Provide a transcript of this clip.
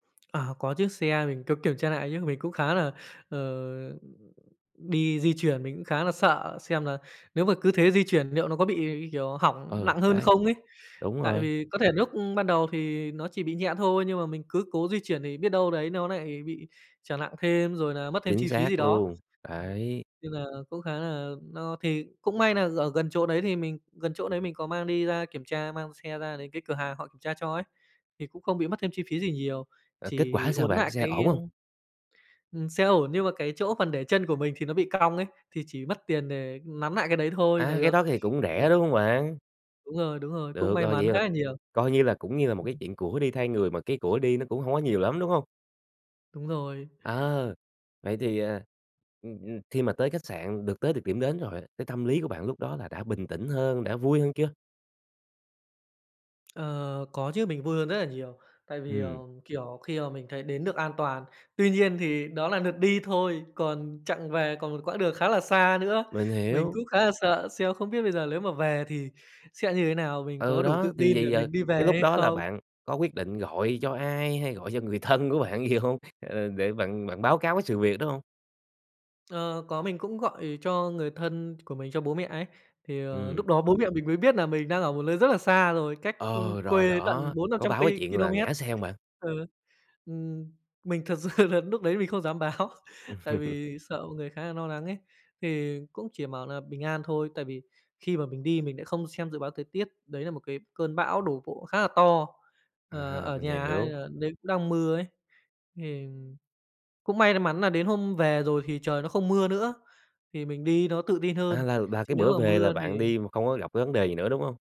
À, có chiếc xe mình có kiểm tra lại chứ, mình cũng khá là, ờ, đi di chuyển mình cũng khá là sợ xem là nếu mà cứ thế di chuyển liệu nó có bị, như kiểu, hỏng Ừ, nặng hơn đấy. không ấy. Đúng Tại rồi. vì có thể núc ban đầu thì nó chỉ bị nhẹ thôi nhưng mà mình cứ cố di chuyển thì biết đâu đấy nó nại bị trở nặng thêm, rồi là mất thêm Chính chi phí gì xác đó. luôn, Ừm, đấy. nên là cũng khá là no thì cũng may nà ở gần chỗ đấy thì mình gần chỗ đấy mình có mang đi ra kiểm tra, mang xe ra đến cái cửa hàng họ kiểm tra cho ấy, thì cũng không bị mất thêm chi phí gì nhiều Rồi kết chỉ quả sao uốn bạn? nại Xe cái, ổn ơ hông? Ừm, xe ổn nhưng mà cái chỗ phần để chân của mình thì nó bị cong ấy thì chỉ mất tiền để nắn nại cái đấy thôi là À, cái được. đó thì cũng rẻ, Ừm. đúng hông bạn? Đúng rồi, đúng rồi. Cũng Được may rồi. mắn Vậy là khá là nhiều. coi như là cũng như là một cái chuyện của đi thay người, mà cái của đi nó cũng hổng có nhiều lắm, đúng hông? Đúng rồi. Ờ. Vậy thì, à, ừm, ừm, khi mà tới khách sạn được tới được điểm đến rồi á cái tâm lý của bạn lúc đó là đã bình tĩnh hơn, đã vui hơn chưa? Ờ, có chứ, mình vui hơn rất nà nhiều tại vì, ờ, Ừm. kiểu, khi mà mình thấy đến được an toàn. Tuy nhiên thì đó là lượt đi thôi còn chặng về, còn một quãng đường khá là xa nữa, Mình mình hiểu. cũng khá là sợ xem không biết bây giờ lếu mà về thì sẽ như thế nào, mình Ừ, có đủ đó, tự thì tin để vầy giờ mình đi cái về lúc hay đó là không? bạn có quyết định gọi cho ai hay gọi cho người thân của bạn gì hông? Ờ, để bạn bạn báo cáo cái sự việc đó hông? Ờ, có, mình cũng gọi cho người thân của mình, cho bố mẹ ấy thì, ờ, Ừm. núc đó bố mẹ mình mới biết nà mình đang ở một nơi rất là xa rồi, cách, ừm, Ờ, rồi quê đó. tận bốn năm Có trăm báo cái ki chuyện là ki-lô-mét. ngã xe hông bạn? Ừ, ừm, mình thật sự nà núc đấy mình không dám báo, tại vì sợ mọi người khá nà no nắng ấy. Thì cũng chỉ bảo nà bình an thôi, tại vì khi mà mình đi mình lại không xem dự báo thời tiết, đấy là một cái cơn bão đổ bộ khá là to, ờ, À, ở mình nhà hay hiểu. là đấy cũng đang mưa ấy, thì cũng may mắn nà đến hôm về rồi thì trời nó không mưa nữa, thì mình đi nó tự tin hơn À, là là chứ cái nếu bữa mà về là mưa bạn thì đi mà không có gặp cái vấn đề gì nữa, đúng hông?